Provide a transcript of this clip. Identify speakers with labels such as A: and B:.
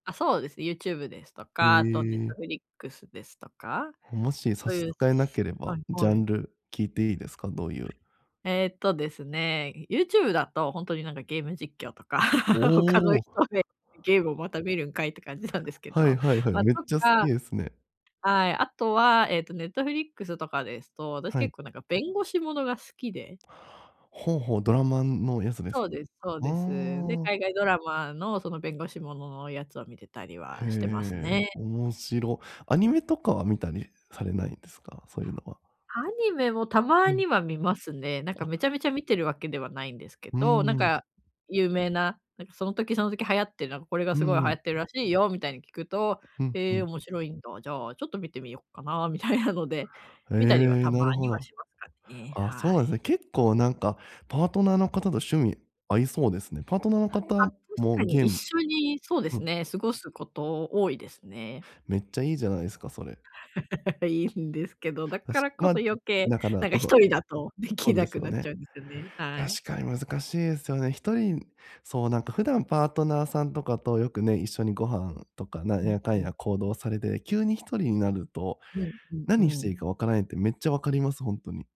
A: あっ、そうですね。ユーチューブですと
B: へ
A: かあとネッ
B: え。
A: トフリックスですとか
B: もし差
A: そう
B: し
A: い
B: 支
A: う
B: えなけれ
A: は
B: ば
A: い
B: ジャ
A: は
B: ン
A: い。
B: ル聞いていいですか？どういう
A: えっとですね、ユーチューブだと本当に、なんか、ゲーム実況とか、他の
B: おお。
A: 人で「ゲームをまた見るんかい」って感じなんですけ
B: はい
A: ど、
B: はいはい、
A: ま、と
B: めっちゃ好き
A: か
B: ですね。
A: はい、あとは、えっと、ネットフリックスとかですと私
B: は
A: 結
B: い。
A: 構、なんか、弁護士ものが好きで。
B: ほうほう、ドラマ、ん、のやつです
A: そ
B: か？
A: うですそう
B: あ
A: です。で、
B: あ。
A: 海外ドラマのその弁護士もののやつを見てたり
B: へ
A: はしてます
B: え。
A: ね。
B: 面白。アニメとかは見たりされないんですか？そういうのは。
A: アニメもた
B: う
A: ま
B: ん。
A: には見ますね。なんか、
B: あ。
A: めちゃめちゃ見てるわけではないんですけ
B: う
A: ど、なん
B: ーん。
A: か、有名な、なんか、その時その時流行って、なんか「これが
B: う
A: すごい流行
B: ん。
A: ってるらしいよ」みたいに聞くと
B: うんう
A: 「え、
B: ん。
A: 面白いんだ、じゃあちょっと見てみようかな」みたいなので、見たりは
B: ええ、
A: た
B: な
A: ま
B: るほ
A: には
B: ど。
A: しますかね、
B: あ、そう
A: は
B: なんですね。
A: い。
B: 結構、なんか、パートナーの方と趣味合いそうですね。パートナーの
A: あっ、
B: 方
A: 確か
B: も
A: に
B: ゲー
A: 一
B: ム
A: 緒にそうで
B: う
A: す
B: ん。
A: ね、過ごすこと多いですね。
B: めっちゃいいじゃないですか、それ。
A: いいんですけどだ
B: た
A: か
B: し
A: らこ
B: ま、
A: そ余計、
B: だから
A: なんか、
B: こ
A: ひ
B: そ
A: とりだとで
B: そ
A: き
B: うで
A: な
B: す
A: く
B: よ
A: なっち
B: ね。
A: ゃうんですよね、はい。
B: 確かに難しいですよね。1人そう、なんか、普段パートナーさんとかとよくね、一緒にご飯とかな
A: う
B: ん
A: ん
B: やかん
A: うん。
B: や行動されて急に1人になると
A: うんうんう
B: 何していい
A: ん。
B: か分からないってめっちゃ分かります、本当に。